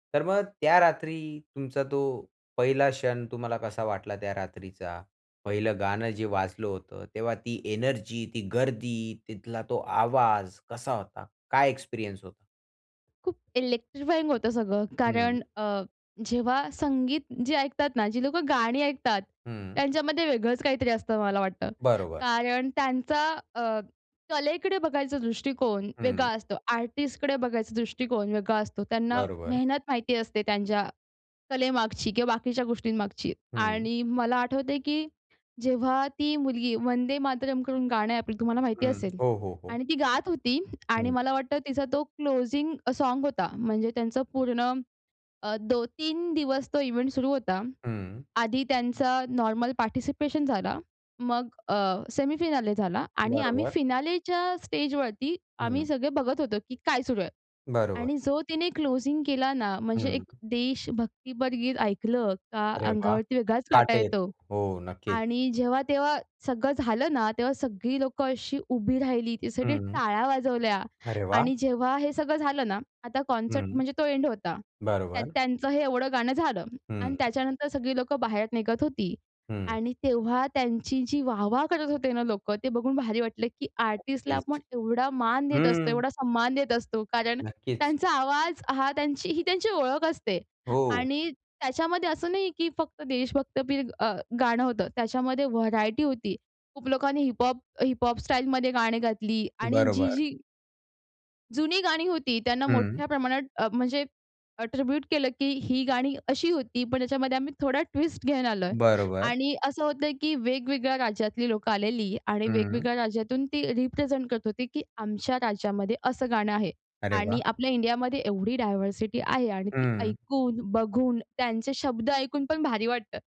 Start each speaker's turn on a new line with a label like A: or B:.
A: तर मग त्या रात्री तुमचा तो पहिला क्षण तुम्हाला कसा वाटला, त्या रात्रीचा पहिलं गाणं जे वाजलं होतं, तेव्हा ती एनर्जी, ती गर्दी, तिथला तो आवाज कसा होता, काय एक्सपिरियन्स होता?
B: खूप इलेक्ट्रिफाइंग होतं सगळं
A: हं.
B: कारण अ, जेव्हा संगीत जी ऐकतात ना, जी लोकं गाणी ऐकतात.
A: हं.
B: त्यांच्यामध्ये वेगळंच काहीतरी असतं मला वाटतं.
A: बरोबर.
B: कारण त्यांचा अ, कलेकडे बघायचा दृष्टिकोन वेगळा
A: हं.
B: असतो. आर्टिस्टकडे बघायचा दृष्टिकोन वेगळा असतो. त्यांना
A: बरोबर.
B: मेहनत माहिती असते त्यांच्या कलेमागची किंवा बाकीच्या गोष्टींमागची.
A: हं.
B: आणि मला आठवतंय की जेव्हा ती मुलगी वंदे मातरमकडून गाणं आपली तुम्हाला माहिती
A: हं,
B: असेल
A: हो, हो, हो.
B: आणि ती गात होती आणि
A: हं.
B: मला वाटतं तिचा तो क्लोजिंग सॉंग होता. म्हणजे त्यांचं पूर्ण अ, दो 3 दिवस तो इव्हेंट सुरू होता.
A: हं.
B: आधी त्यांचा नॉर्मल पार्टिसिपेशन झाला. मग अ, सेमीफायनाल झाला आणि आम्ही
A: बरोबर.
B: फायनलच्या स्टेजवरती आम्ही
A: हं.
B: सगळे बघत होतो की काय सुरू आहे.
A: बरोबर.
B: आणि जो तिने क्लोजिंग केला ना, म्हणजे
A: हं.
B: एक देश भक्तीपर गीत ऐकलं का
A: अरे वाह!
B: अंगावरती वेगळाच काटा
A: काटा
B: येतो.
A: येतो. हो, नक्कीच.
B: आणि जेव्हा तेव्हा सगळं झालं ना, तेव्हा सगळी लोकं अशी उभी राहिली. त्यासाठी
A: हं.
B: टाळ्या वाजवल्या.
A: अरे वाह!
B: आणि जेव्हा हे सगळं झालं ना आता कॉन्सर्ट
A: हं,
B: म्हणजे तो एंड होता. त्यात
A: बरोबर.
B: त्यांचं हे एवढं गाणं झालं आणि
A: हं.
B: त्याच्यानंतर सगळी लोकं बाहेर निघत होती
A: हं.
B: आणि तेव्हा त्यांची जी वाह-वाह करत होते ना लोकं. ते बघून भारी वाटलं की आर्टिस्टला
A: नक्कीच,
B: आपण एवढा मान देत असतो,
A: हं.
B: एवढा सन्मान देत असतो कारण
A: नक्कीच.
B: त्यांचा आवाज हा त्यांची ही त्यांची ओळख असते.
A: हो.
B: आणि त्याच्यामध्ये असं नाही की फक्त देशभक्तीपर अ, गाणं होतं, त्याच्यामध्ये व्हरायटी होती. खूप लोकांनी हिप हॉप हिप हॉप स्टाईलमध्ये गाणी गायली आणि
A: बरोबर.
B: जी-जी जुनी गाणी होती. त्यांना
A: हं.
B: मोठ्या प्रमाणात अ, म्हणजे एट्रिब्यूट केलं की ही गाणी अशी होती, पण त्याच्यामध्ये आम्ही थोडा ट्विस्ट घेऊन आलोय.
A: बरोबर.
B: आणि असं होतं की वेगवेगळ्या राज्यातली लोकं आलेली आणि
A: हं.
B: वेगवेगळ्या राज्यातून ती रिप्रेझेंट करत होती, की आमच्या राज्यामध्ये असं गाणं आहे.
A: अरे
B: आणि
A: वाह!
B: आपल्या इंडियामध्ये एवढी डायव्हर्सिटी आहे आणि ती
A: हं.
B: ऐकून, बघून, त्यांचे शब्द ऐकून पण भारी वाटतं.